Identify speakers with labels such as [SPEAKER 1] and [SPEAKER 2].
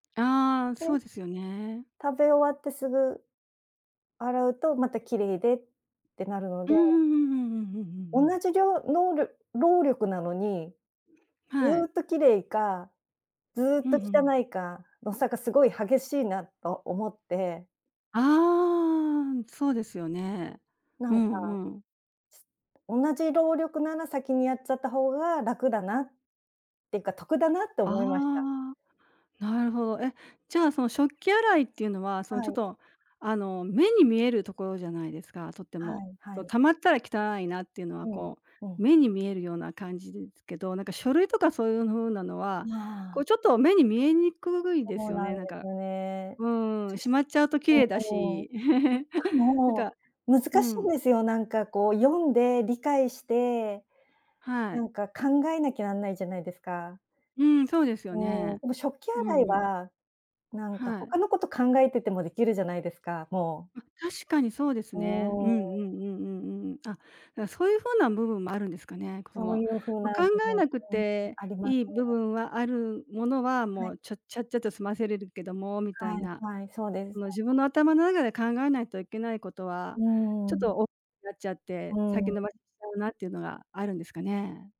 [SPEAKER 1] ああ、
[SPEAKER 2] は
[SPEAKER 1] そ
[SPEAKER 2] い。
[SPEAKER 1] うですよね。
[SPEAKER 2] 食べ終わってすぐ、洗うとまた綺麗でってなるの
[SPEAKER 1] う
[SPEAKER 2] で。
[SPEAKER 1] んうんうんうんうんうんうんう
[SPEAKER 2] 同
[SPEAKER 1] ん。
[SPEAKER 2] じりょうのうりょ労力なのにず
[SPEAKER 1] はい。
[SPEAKER 2] っと綺麗か、ずっ
[SPEAKER 1] ふ
[SPEAKER 2] と
[SPEAKER 1] んふん。
[SPEAKER 2] 汚いかの差がすごい激しいなと思って。
[SPEAKER 1] ああ、ん、そうですよね。
[SPEAKER 2] な
[SPEAKER 1] う
[SPEAKER 2] んか
[SPEAKER 1] んうん。
[SPEAKER 2] 同じ労力なら先にやっちゃった方が、楽だなっていうか得だなって思いました。
[SPEAKER 1] ああ、なるほど。え、じゃあその食器洗いっていうのは、そ
[SPEAKER 2] は
[SPEAKER 1] のちょっ
[SPEAKER 2] い。
[SPEAKER 1] とあの目に見えるところじゃないですか？とって
[SPEAKER 2] は
[SPEAKER 1] も。
[SPEAKER 2] いは
[SPEAKER 1] こう、
[SPEAKER 2] い。
[SPEAKER 1] 溜まったら汚いなっていうのは
[SPEAKER 2] うん
[SPEAKER 1] こ
[SPEAKER 2] う
[SPEAKER 1] う、
[SPEAKER 2] ん。
[SPEAKER 1] 目に見えるような感じですけど、なんか書類とかそういう風なの
[SPEAKER 2] う
[SPEAKER 1] は、こ
[SPEAKER 2] わ。
[SPEAKER 1] うちょっと目に見えにくいで
[SPEAKER 2] そ
[SPEAKER 1] す
[SPEAKER 2] う
[SPEAKER 1] よ
[SPEAKER 2] な
[SPEAKER 1] ね。
[SPEAKER 2] んで
[SPEAKER 1] なん
[SPEAKER 2] す
[SPEAKER 1] か
[SPEAKER 2] ね。
[SPEAKER 1] うー
[SPEAKER 2] そ
[SPEAKER 1] ん。
[SPEAKER 2] し
[SPEAKER 1] しまっちゃうと綺
[SPEAKER 2] う
[SPEAKER 1] 麗だ
[SPEAKER 2] んうん。し
[SPEAKER 1] し。
[SPEAKER 2] か
[SPEAKER 1] なん
[SPEAKER 2] も
[SPEAKER 1] か
[SPEAKER 2] 難
[SPEAKER 1] う
[SPEAKER 2] しいん
[SPEAKER 1] ん。
[SPEAKER 2] ですよ。なんかこう読んで理解して
[SPEAKER 1] は
[SPEAKER 2] な
[SPEAKER 1] い。
[SPEAKER 2] んか考えなきゃなんないじゃないですか。
[SPEAKER 1] うん。そうですよ
[SPEAKER 2] うーん。
[SPEAKER 1] ね。
[SPEAKER 2] でも食器
[SPEAKER 1] う
[SPEAKER 2] 洗い
[SPEAKER 1] んうん。
[SPEAKER 2] はなんか
[SPEAKER 1] はい。
[SPEAKER 2] 他のこと考えててもできるじゃないですか、もう。
[SPEAKER 1] うん。確かにそうです
[SPEAKER 2] う
[SPEAKER 1] ね。
[SPEAKER 2] ー
[SPEAKER 1] うん
[SPEAKER 2] ん。
[SPEAKER 1] うんうんうんうん。あ、なんか、そういう風な部分もあるんですかね。この、
[SPEAKER 2] そ
[SPEAKER 1] も
[SPEAKER 2] ういう風
[SPEAKER 1] う、
[SPEAKER 2] な
[SPEAKER 1] 考
[SPEAKER 2] もの
[SPEAKER 1] え
[SPEAKER 2] も
[SPEAKER 1] なくて
[SPEAKER 2] あります
[SPEAKER 1] いい部
[SPEAKER 2] ね。
[SPEAKER 1] 分はあるものは、
[SPEAKER 2] は
[SPEAKER 1] も
[SPEAKER 2] い。
[SPEAKER 1] うちょちゃっちゃと済ませれるけどもみたい
[SPEAKER 2] はい
[SPEAKER 1] な、
[SPEAKER 2] はい。そうです
[SPEAKER 1] そ
[SPEAKER 2] ね。
[SPEAKER 1] の自分
[SPEAKER 2] はい。
[SPEAKER 1] の頭の中で考えないといけないことは、
[SPEAKER 2] う
[SPEAKER 1] ちょっ
[SPEAKER 2] ん。
[SPEAKER 1] と、おなっちゃって、
[SPEAKER 2] う
[SPEAKER 1] 先延
[SPEAKER 2] ん。
[SPEAKER 1] ばししちゃうなっていうのがあるんですかね。